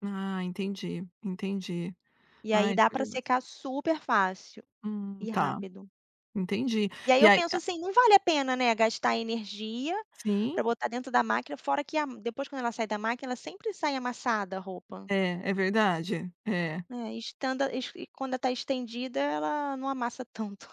Ah, entendi, entendi. E aí, Ai, dá pra curioso. secar super fácil, Hum, e tá. rápido. Entendi. E aí, E eu aí, penso a assim: "Não vale a pena, né. Gastar energia Sim! pra botar dentro da máquina", fora que a m depois quando ela sai da máquina, ela sempre sai amassada, a roupa. É. É verdade. É. Né, estanda is e quando tá estendida ela, não amassa tanto.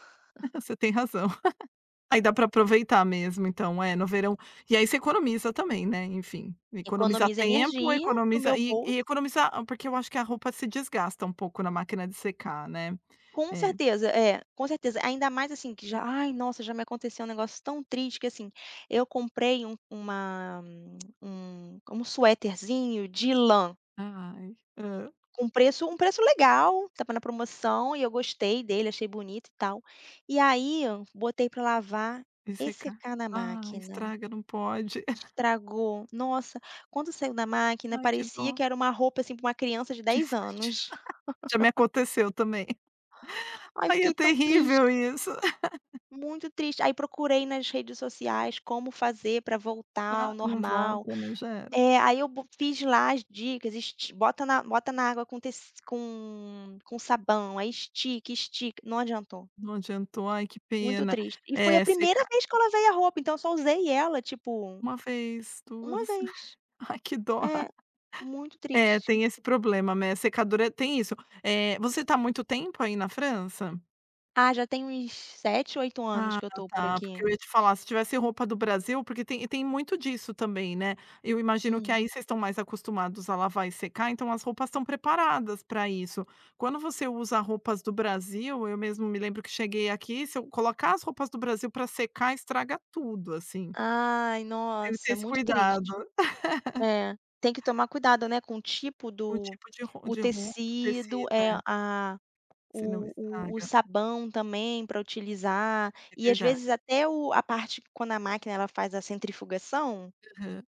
Você tem razão. Aí, dá para aproveitar mesmo. Então é no verão. E aí, você economiza também, né, enfim. Economiza Economiza tempo, energia pro economiza meu e bolso. e economiza a porque eu acho que a roupa se desgasta um pouco na máquina de secar, né. Com É. certeza! É, com certeza! Ainda mais assim que já: "Ai nossa!". Já me aconteceu um negócio tão triste que assim, eu comprei um uma um um sueterzinho de lã. Ah, ai. Hã? Com preço um preço legal, estava na promoção e eu gostei dele, achei bonito e tal. E aí, botei pra lavar E e secar. secar na Ai! máquina. Estraga, não pode. Estragou! Nossa! Quando saiu da máquina Ai, que parecia dó. que era uma roupa, assim, pra uma criança de Tive 10 que tirar. anos. Já me aconteceu também. Ai, Aí, é fiquei tão terrível triste. isso. Muito triste. Aí procurei nas redes sociais como fazer pra voltar ao Ah, não normal. volta, né? Já era. É. Aí, eu bo fiz lá as dicas: "esti bota na bota na água com tec com com sabão, aí estica, estica". Não adiantou. Não adiantou. Ai, que Muito pena. triste. E foi a É primeira secar vez que eu lavei a roupa, então, eu só usei ela tipo, 1 vez, 1 2. vez. Ai, que dó. É, muito É, triste. tem esse problema, mes secadora tem isso. Eh, você tá há muito tempo aí, na França? Ah, já tem uns 7, 8 anos Ah, que eu tô por tá, porque aqui. eu ia te falar, se tivesse roupa do Brasil porque tem e tem muito disso também, né. Eu imagino que Hum. aí, vocês estão mais acostumados a lavar e secar, então, as roupas estão preparadas pra isso. Quando você usa roupas do Brasil eu mesmo me lembro que cheguei aqui se eu colocar as roupas do Brasil pra secar estraga tudo, assim. Ai, Tem que ter nossa! esse Muito cuidado. triste. É, tem que tomar cuidado, né, com o tipo O do tipo de ro o de ro tecido, tecido, é é. a Senão o o o estraga. sabão também pra utilizar, É e às verdade. vezes até o a parte que quando a máquina, ela faz a centrifugação Aham.